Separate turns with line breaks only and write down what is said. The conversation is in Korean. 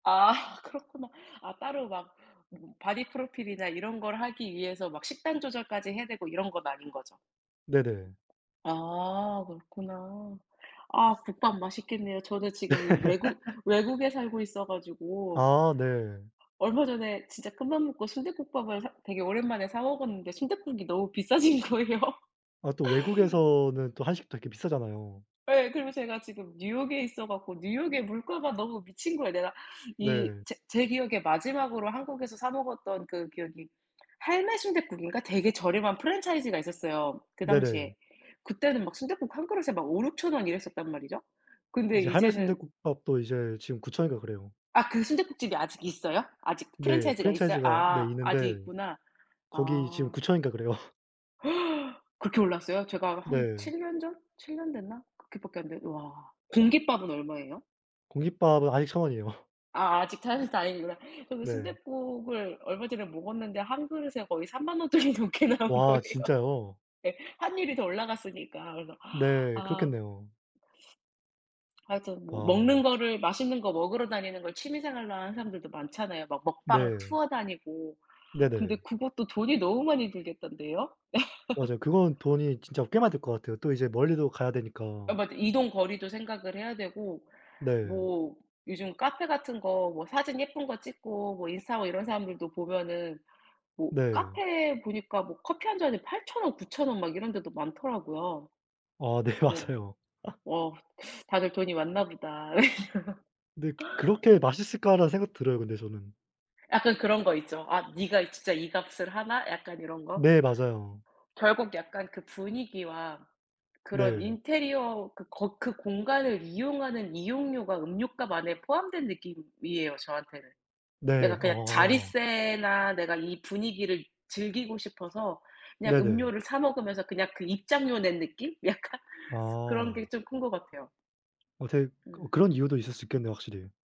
아 그렇구나. 아 따로 막 음 바디 프로필이나 이런 걸 하기 위해서 막 식단 조절까지 해야 되고 이런 건 아닌 거죠?
네네.
아 그렇구나. 아 국밥 맛있겠네요. 저는 지금 외국 외국에 살고 있어 가지고
아 네.
얼마 전에 진짜 큰맘 먹고 순대국밥을 사 되게 오랜만에 사 먹었는데 순댓국이 너무 비싸진 거예요.
아 또 외국에서는 또 한식 또 이렇게 비싸잖아요.
예. 그리고 제가 지금 뉴욕에 있어 갖고 뉴욕에 물가가 너무 미친 거야 내가 이
네.
제 제 기억에 마지막으로 한국에서 사 먹었던 그 기억이 할매순대국인가 되게 저렴한 프랜차이즈가 있었어요, 그
네네.
당시에. 그때는 막 순댓국 1 그릇에 막 5,000-6,000 원 이랬었단 말이죠. 근데
이제
이제는
할매순대국밥도 이제 지금 9,000 원인가 그래요.
아 그 순댓국집이 아직 있어요? 아직
네.
프랜차이즈가 있어요?
프랜차이즈가 네
아 아직
있는데
있구나.
거기 지금
아.
9,000 원인가 그래요.
그렇게 올랐어요? 제가 한
네.
7 년 전 7 년 됐나 그렇게밖에 안 됐 와 공깃밥은 얼마예요?
공깃밥은 아직 1,000 원이에요.
아 아직 [unintelligible] 다행이구나. 그리고
네.
순댓국을 얼마 전에 먹었는데 1 그릇에 거의 30,000 원 돈이 넘게 나온
와
거예요.
진짜요?
네. 환율이 더 올라갔으니까 그래서
네,
아
그렇겠네요.
하여튼 뭐 먹는
와.
거를 맛있는 거 먹으러 다니는 걸 취미 생활로 하는 사람들도 많잖아요, 막 먹방
네.
투어 다니고. 근데
네네.
그것도 돈이 너무 많이 들겠던데요?
맞아요. 그건 돈이 진짜 꽤 많이 들 것 같아요. 또 이제 멀리도 가야
아
되니까.
맞아. 이동 거리도 생각을 해야 되고
네.
뭐 요즘 카페 같은 거 뭐 사진 예쁜 거 찍고 뭐 인스타 하고 이런 사람들도 보면은 뭐
네.
카페에 보니까 뭐 커피 1 잔에 8,000 원 9,000 원 막 이런 데도 많더라고요.
아 네
뭐
맞아요.
어 다들 돈이 많나 보다.
그런데 그렇게 맛있을까라는 생각도 들어요, 근데 저는.
약간 그런 거 있죠. "아 네가 진짜 이 값을 하나?" 약간 이런 거.
네 맞아요.
결국 약간 그 분위기와 그런
네.
인테리어 그 거 그 공간을 이용하는 이용료가 음료값 안에 포함된 느낌이에요, 저한테는. 내가
네.
그냥
어.
자릿세나 내가 이 분위기를 즐기고 싶어서 그냥
네네.
음료를 사 먹으면서 그냥 그 입장료 낸 느낌? 약간 그런 게
아.
좀 큰 것 같아요.
어 되게 어
음.
그런 이유도 있을 수 있겠네요 확실히.